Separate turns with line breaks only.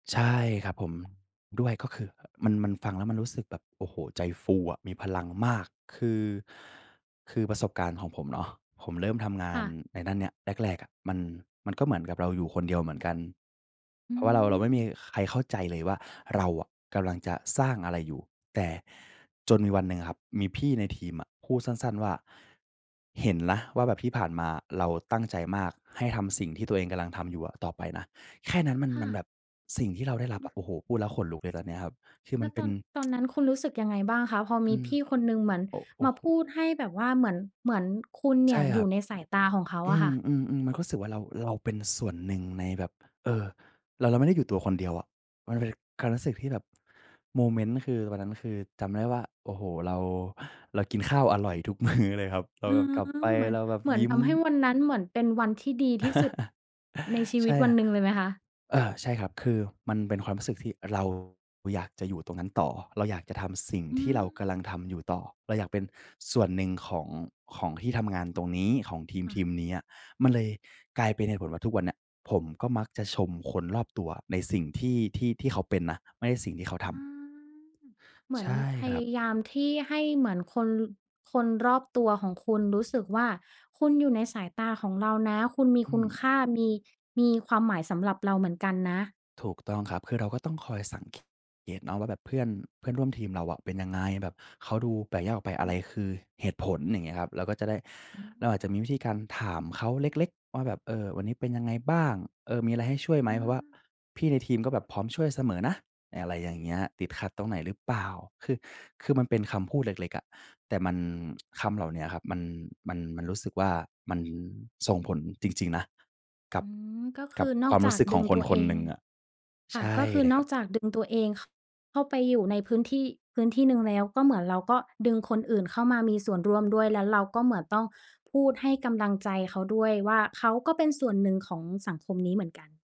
ใช่ครับผม ด้วยก็คือ มัน มันฟังแล้วมันรู้สึกแบบ โอ้โฮ ใจฟูอะ มีพลังมาก คือ คือประสบการณ์ของผมเนาะ ผมเริ่มทำงา
ค่
น
ะ
ในด้านเนี้ยแรก ๆ อะ มัน มันก็เหมือนกับเราอยู่คนเดียวเหมือนกัน
อ
เ
ื
พราะว่า เรา เราไม่มี
ม
ใครเข้าใจเลยว่า เราอะกำลังจะสร้างอะไรอยู่ แต่จนมีวันหนึ่งครับ มีพี่ในทีมอะ พูดสั้น ๆ ว่า เห็นนะว่าแบบที่ผ่านมาอะ เราตั้งใจมากให้ทำสิ่งที่ตัวเองกำลังทำอยู่อะต่อไปนะ แค่นั้น มัน
ค่
มันแบ
ะ
บสิ่งที่เราได้รับอะ โอ้โฮ พูดแล้วขนลุกเลย ตอนเนี้ยครับ คือม
แล
ัน
้ว
เป
ต
็
อ
น
น ตอนนั้นคุณรู้สึกยังไงบ้างคะ? พอ
อ
ม
ื
ี
ม
พี่คนหนึ่งเหมือน
โอ้ โอ
ม
้
า
โฮ
พูดให้แบบว่า เหมือน เหมือนคุณเน
ใช
ี่
่
ยอ
ค
ย
รั
ู่
บ
ในสายตาของเขา
อื
อะค่ะ
ม ๆ ๆ ก็รู้สึกว่า เรา เราเป็นส่วนหนึ่ง ในแบบ เออ เรา เราไม่ได้อยู่ตัวคนเดียวอะ มันเลยการรู้สึกที่แบบ โมเมนต์ คือตอนนั้น คือจำได้ว่า โอ้โฮ เรา เรากินข้าวอร่อยทุก มื้อ เลยครับ เรา
อ๋อ
กลับไป
เหมือน
เราแบบ
เหมือ
ย
น
ิ้
ท
ม
ำให้วันนั้น เหมือนเป็นวันที่ดีที่สุดในชี
ใ
ว
ช
ิต
่
วันหนึ่งเลยไหมคะ?
เอ่อ ใช่ครับ คือมันเป็นความรู้สึกที่เราอยากจะอยู่ตรงนั้นต่อ เราอยากจะทำสิ่ง
อ
ท
ื
ี่เราก
ม
ำลังทำอยู่ต่อ เราอยากเป็นส่วนหนึ่ง ของ ของที่ทำงานตรงนี้ ของทีม
ค่
ที
ะ
มนี้อะ มันเลยกลายเป็นเหตุผลว่า ทุกวันเนี้ยผมก็มักจะชมคนรอบตัวในสิ่งที่ ที่ ที่เขาเป็นนะ ไม่ใช่สิ่งที่เขา
อ
ท
ื
ำ
ม เหม
ใ
ือ
ช
น
่
พ
คร
ย
ับ
ายามที่ให้เหมือนคน คนรอบตัวของคุณรู้สึกว่า คุณอยู่ในสายตาของเรานะ คุณมี
อื
คุณค
อ
่า มี มีความหมายสำหรับเราเหมือนกันนะ
ถูกต้องครับ คือเราก็ต้องคอยสัง เกตเนาะว่าแบบ เพื่อน เพื่อนร่วมทีมเราอะเป็นยังไง แบบเขาดูแปลกแยกออกไป อะไรคือเหตุผล? อย่างเงี้ยครับ เราก็จะได้
อา
เราอาจจะมีวิธีการถามเขาเล็ก ๆ ว่าแบบ เออ วันนี้เป็นยังไงบ้าง เออ มีอะไรให้ช่วยไหม
อื
เพราะว่า
ม
พี่ในทีม ก็แบบพร้อมช่วยเสมอนะ อะไรอย่างเงี้ย ติดขัดตรงไหนหรือเปล่า คือ คือมันเป็นคำพูดเล็ก ๆ อะ แต่มัน คำเหล่าเนี้ยครับ มัน มัน มันรู้สึกว่า มันส่งผลจริง ๆ นะ กั
อ
บ
ืม ก็ค
กั
ื
บ
อน
ค
อ
ว
ก
ามร
จ
ู
า
้
ก
สึกข
ดึ
อง
ง
ค
ต
น
ัว
ค
เอ
นห
ง
นึ่งอะ
ค
ใ
่
ช
ะ
่
ก็คือ
เลย
น
ค
อ
รั
ก
บ
จากดึงตัวเอง ข เข้าไปอยู่ใน พื้นที่ พื้นที่หนึ่งแล้ว ก็เหมือนเราก็ดึงคนอื่นเข้ามามีส่วนร่วมด้วย แล้วเราก็เหมือนต้องพูดให้กำลังใจเขาด้วยว่า เขาก็เป็นส่วนหนึ่งของสังคมนี้เหมือนกัน